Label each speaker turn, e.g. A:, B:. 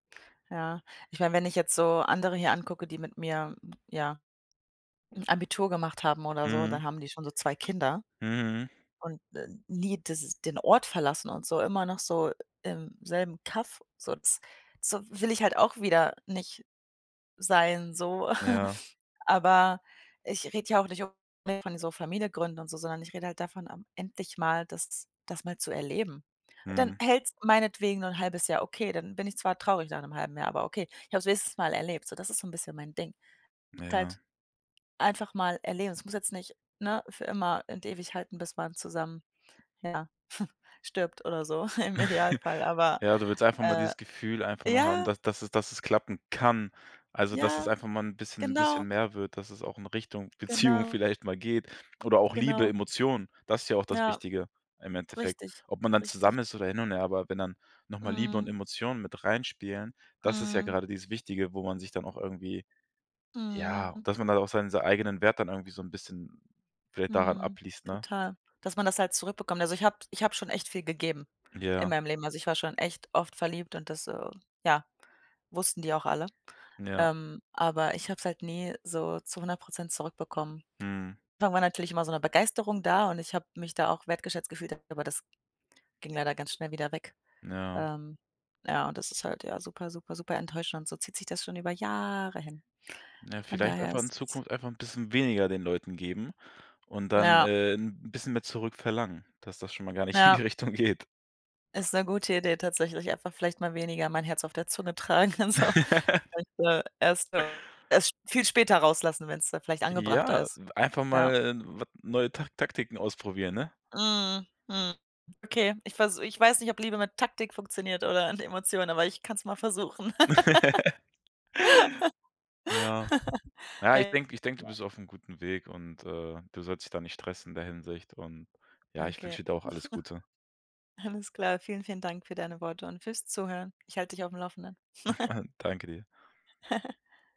A: Ja. Ich meine, wenn ich jetzt so andere hier angucke, die mit mir, ja, Abitur gemacht haben oder so,
B: Mhm.
A: dann haben die schon so 2 Kinder
B: Mhm.
A: und, äh, nie das ist den Ort verlassen und so, immer noch so im selben Kaff, so das so, will ich halt auch wieder nicht sein, so.
B: Ja.
A: Aber ich rede ja auch nicht unbedingt von so Familie gründen und so, sondern ich rede halt davon, ähm, endlich mal das das mal zu erleben. Dann
B: Mhm.
A: hält es meinetwegen nur 'n 1/2 Jahr okay, dann bin ich zwar traurig nach 'nem 1/2 Jahr, aber okay. Ich habe es wenigstens mal erlebt, so das ist so 'n bisschen mein Ding. Und
B: Ja.
A: halt einfach mal erleben. Das muss jetzt nicht, ne, für immer und ewig halten, bis man zusammen, ja, stirbt oder so im Idealfall, aber,
B: Ja, du willst einfach mal
A: äh
B: dieses Gefühl einfach nur haben,
A: ja.
B: da dass es dass es klappen kann. Also, dass es
A: Ja,
B: einfach mal 'n bisschen
A: genau.
B: bisschen mehr wird, dass es auch in Richtung Beziehung
A: Genau.
B: vielleicht mal geht. Oder auch Liebe,
A: Genau.
B: Emotionen. Das ist ja auch das
A: Ja.
B: Wichtige im Endeffekt.
A: Richtig.
B: Ob man dann
A: Richtig.
B: zusammen ist oder hin und her, aber wenn dann noch mal Liebe und
A: Mhm.
B: Emotionen mit reinspielen, das ist ja
A: Mhm.
B: grade dieses Wichtige, wo man sich dann auch irgendwie ja,
A: Mhm.
B: dass man dann auch sei sein eigenen Wert dann irgendwie so 'n bisschen vielleicht daran
A: Mhm,
B: abliest, ne?
A: total, dass man das halt zurückbekommt. Also, ich habe ich habe schon echt viel gegeben in
B: Ja.
A: meinem Leben. Also, ich war schon echt oft verliebt und das, äh, ja, wussten die auch alle,
B: Ja.
A: ähm, aber ich habe es halt nie so zu 100 % zurückbekommen.
B: Mhm.
A: Am Anfang war natürlich immer so 'ne Begeisterung da und ich habe mich da auch wertgeschätzt gefühlt, aber das ging leider ganz schnell wieder weg,
B: Ja.
A: ähm, ja, und das ist halt ja super, super, super enttäuschend. So zieht sich das schon über Jahre hin.
B: Ja,
A: Von
B: vielleicht
A: daher
B: einfach in
A: ist es
B: Zukunft einfach 'n bisschen weniger den Leuten geben und dann,
A: Ja.
B: äh, 'n bisschen mehr zurückverlangen, dass das schon mal gar nicht in die
A: Ja.
B: Richtung geht.
A: Ist 'ne gute Idee tatsächlich, einfach vielleicht mal weniger mein Herz auf der Zunge tragen und so. [unintelligible] Und, äh, erst so erst sp viel später rauslassen, wenn's dann vielleicht angebrachter
B: Ja,
A: ist.
B: einfach
A: Ja.
B: mal 'n wat neue Tak Taktiken ausprobieren, ne?
A: Mhm, Mhm, okay, ich versu ich weiß nicht, ob Liebe mit Taktik funktioniert oder mit Emotionen, aber ich kann es mal versuchen.
B: Ja. Ja, ich denke ich denke, du
A: Ja.
B: bist aufm guten Weg und, äh, du sollst dich da nicht stressen in der Hinsicht und, ja, ich wünsche
A: Okay.
B: dir da auch alles Gute.
A: Alles klar. Vielen, vielen Dank für deine Worte und für's Zuhören. Ich halte dich auf dem Laufenden.
B: Danke dir.